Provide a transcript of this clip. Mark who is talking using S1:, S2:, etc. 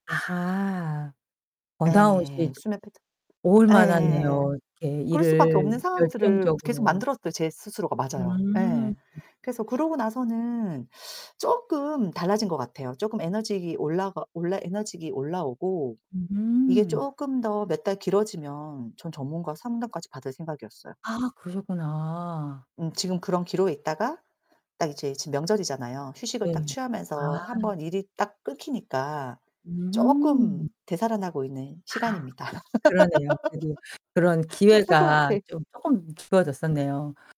S1: 아하. 번아웃이
S2: 네. 수면 패턴.
S1: 올
S2: 예.
S1: 만하네요. 이렇게
S2: 그럴 수 밖에
S1: 일을
S2: 없는 상황들을 계속
S1: 열정적으로
S2: 만들었어요, 제 스스로가. 맞아요.
S1: 음.
S2: 예. 그래서 그러고 나서는 쪼끔 달라진 것 같아요. 쪼금 에너지 올라가 올라 에너지가 올라 오고 이게
S1: 음.
S2: 쪼끔 더 몇 달 길어지면 전 전문가 상담까지 받을 생각이었어요.
S1: 아 그러셨구나.
S2: 음 지금 그런 기로에 있다가 딱 이제 지금 명절이잖아요. 휴식을 딱
S1: 네. 아.
S2: 취하면서 한번 일이 딱 끊기니까 쪼끔
S1: 음.
S2: 되살아나고 있는
S1: 아
S2: 시간입니다.
S1: 그러네요. 되게 그런
S2: 좀 살 것
S1: 기회가
S2: 같아.
S1: 좀 쪼끔
S2: 음.
S1: 주어졌었네요.